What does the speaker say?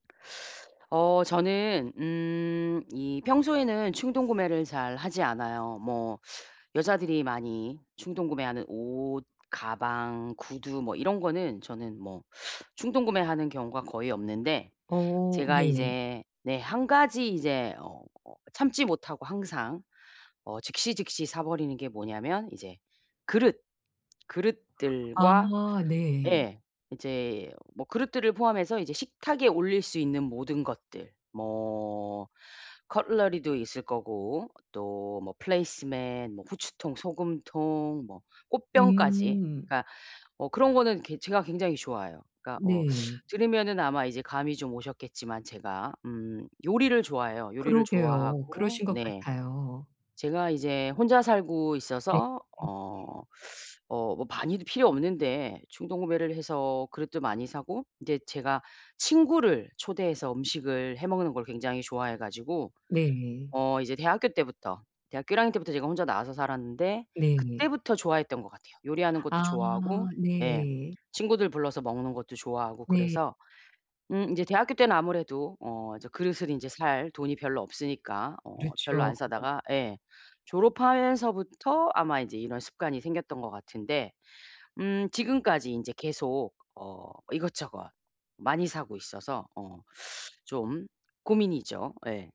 어 저는 음 이 평소에는 충동구매를 잘 하지 않아요. 뭐 여자들이 많이 충동구매하는 옷, 가방, 구두 뭐 이런 거는 저는 뭐 충동구매하는 경우가 거의 없는데 어 제가 네. 이제 네 1 가지 이제 어 참지 못하고 항상 어 즉시즉시 사 버리는 게 뭐냐면 이제 그릇, 아 그릇들과 네. 예 이제 뭐 그릇들을 포함해서 이제 식탁에 올릴 수 있는 모든 것들 뭐 커틀러리도 있을 거고 또 뭐 플레이스 매트, 뭐 후추통, 소금통 뭐 꽃병까지 음. 그러니까 어 그런 거는 괴 제가 굉장히 좋아해요. 그러니까 어 네. 들으면은 아마 이제 감이 좀 오셨겠지만 제가 음 요리를 좋아해요, 요리를 그러게요. 좋아하고 그러신 것 네. 같아요. 제가 이제 혼자 살고 네 있어서 네에. 어 어 뭐 많이도 필요 없는데 충동구매를 해서 그릇도 많이 사고 인제 제가 친구를 초대해서 음식을 해먹는 걸 굉장히 좋아해 가지고 네. 어 이제 대학교 때부터 대학교 1 학년 때부터 제가 혼자 나와서 살았는데 네. 그때부터 좋아했던 것 같아요. 요리하는 것도 아 좋아하고 예 네. 친구들 불러서 먹는 것도 좋아하고 네. 그래서 음 인제 대학교 때는 아무래도 어 이제 그릇을 인제 살 돈이 별로 없으니까 어 별로 그렇죠. 안 사다가 예 졸업하면서부터 아마 이제 이런 습관이 생겼던 것 같은데 음 지금까지 인제 계속 어 이것저것 많이 사고 있어서 어 좀 고민이죠. 예.